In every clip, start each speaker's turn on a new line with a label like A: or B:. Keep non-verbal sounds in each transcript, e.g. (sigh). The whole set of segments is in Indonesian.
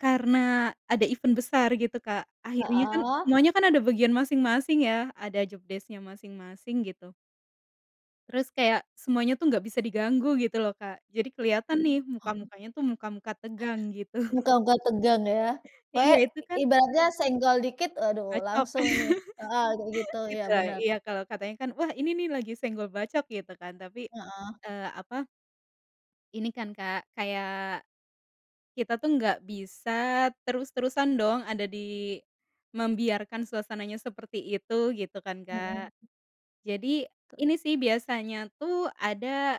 A: Karena ada event besar gitu, Kak, akhirnya kan
B: Heeh.
A: semuanya kan ada bagian masing-masing ya, ada jobdesk-nya masing-masing, gitu. Terus kayak semuanya tuh nggak bisa diganggu, gitu loh, Kak, jadi keliatan
B: Iya.
A: nih,
B: Oh.
A: muka-mukanya tuh, muka-muka tegang, gitu.
B: Muka-muka tegang ya,
A: Iya,
B: kayaknya
A: itu kan
B: ibaratnya senggol dikit, aduh
A: Bacok.
B: langsung nih, heeh, kayak
A: (laughs)
B: gitu, ya,
A: Gitu ya,
B: bener.
A: iya, kalo katanya kan, wah, ini nih lagi senggol bacok, gitu kan, tapi,
B: Heeh.
A: eee, apa Ini kan, Kak, kayak, kita tuh nggak bisa terus-terusan dong ada di, membiarkan suasananya seperti itu, gitu kan, Kak.
B: Mhm.
A: Jadi ini sih biasanya tuh ada,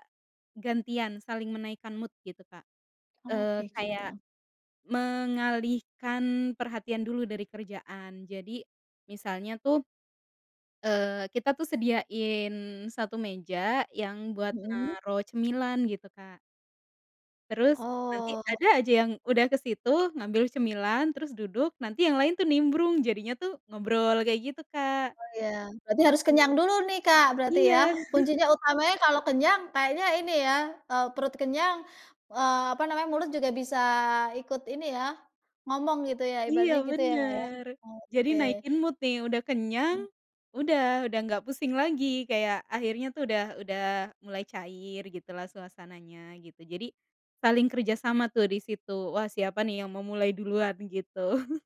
A: gantian, saling menaikkan mood, gitu, Kak,
B: Oh,
A: eee,
B: kayak
A: kayak,
B: gitu.
A: mengalihkan perhatian dulu dari kerjaan, jadi, misalnya tuh, eee, kita tuh sediain 1 meja yang buat
B: Mhm.
A: naruh cemilan, gitu, Kak. Terus nanti
B: Oh.
A: ada aja yang udah kesitu ngambil cemilan, terus duduk, nanti yang lain tuh nimbrung, jadinya tuh ngobrol, kayak gitu, Kak.
B: Oh, iya, berarti harus
A: Mmm.
B: kenyang dulu nih, Kak, berarti ya,
A: Iya. (laughs)
B: kuncinya utamanya kalau kenyang kayaknya ini ya, eee, perut kenyang, eee, apa namanya, mulut juga bisa ikut ini ya, ngomong gitu ya,
A: Iya,
B: ibaratnya, gitu ya Kak ya.
A: bener, jadi
B: Oke.
A: naikin mood nih, udah kenyang, udah udah nggak pusing lagi, kayak akhirnya tuh udah udah mulai cair, gitu lah, suasananya gitu, jadi, saling kerjasama tuh disitu, wah, siapa nih yang mau mulai duluan, gitu. (laughs)